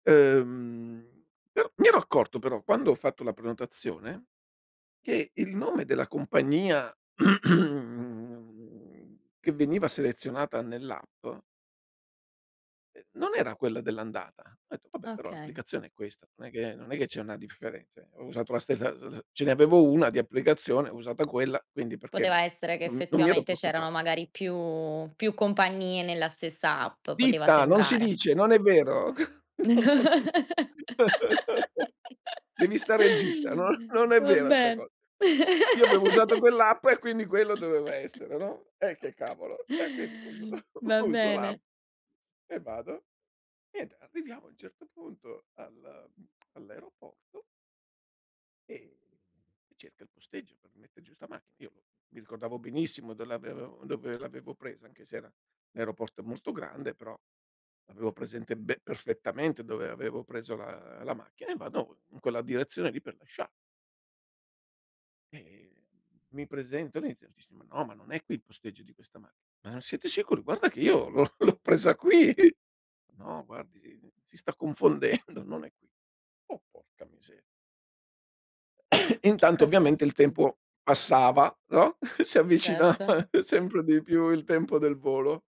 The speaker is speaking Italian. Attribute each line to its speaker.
Speaker 1: Uhm, mi ero mi ero accorto, però quando ho fatto la prenotazione, che il nome della compagnia che veniva selezionata nell'app ehm, non era quella dell'andata. Ho detto: “Vabbè però
Speaker 2: Okay.
Speaker 1: l'applicazione è questa, non è che non è che c'è una differe cioè, ho usato la ste l la s ce ne avevo 1 di applicazione, ho usata quella, quindi perché mi
Speaker 2: Poteva essere che,
Speaker 1: "non mi non mi ero
Speaker 2: effettivamente, c'erano
Speaker 1: preoccupata.
Speaker 2: magari più più compagnie nella stessa app, poteva
Speaker 1: Ditta! Non si
Speaker 2: sembrare.
Speaker 1: dice! Non è vero! No, no, no, no. Devi stare zitta, non non è
Speaker 2: Va
Speaker 1: vera sta
Speaker 2: ben
Speaker 1: co io avevo usato quell'app e quindi quello doveva essere, no? Eh che cavolo! E quindi uso
Speaker 2: Va
Speaker 1: uso l'app
Speaker 2: bene.
Speaker 1: e vado. Niente arriviamo, a un certo punto al mhmm, all'aeroporto e, mhmm, cerca il posteggio per mette giù 'sta macchi io mi ricordavo benissimo do l'avevo dove l'avevo presa, anche se era aeroporto molto grande, però l'avevo presente be perfettamente dove avevo preso la la macchina e vado, mhmm, in quella direzione lì per lasciar e, mhmm, mi presento, niente, mi dice: “Ma no, ma non è qui il posteggio di questa macc ““Ma siete sicuri? Guarda che io l'ho l'ho presa qui. ““No, guardi si si sta confondendo, non è qui.“ "Oh, porca miseria!"
Speaker 2: Che
Speaker 1: Intanto
Speaker 2: cos'era
Speaker 1: ovviamente il
Speaker 2: succe
Speaker 1: tempo passava, no? Si
Speaker 2: Certo.
Speaker 1: avvicinava sempre di più il tempo del volo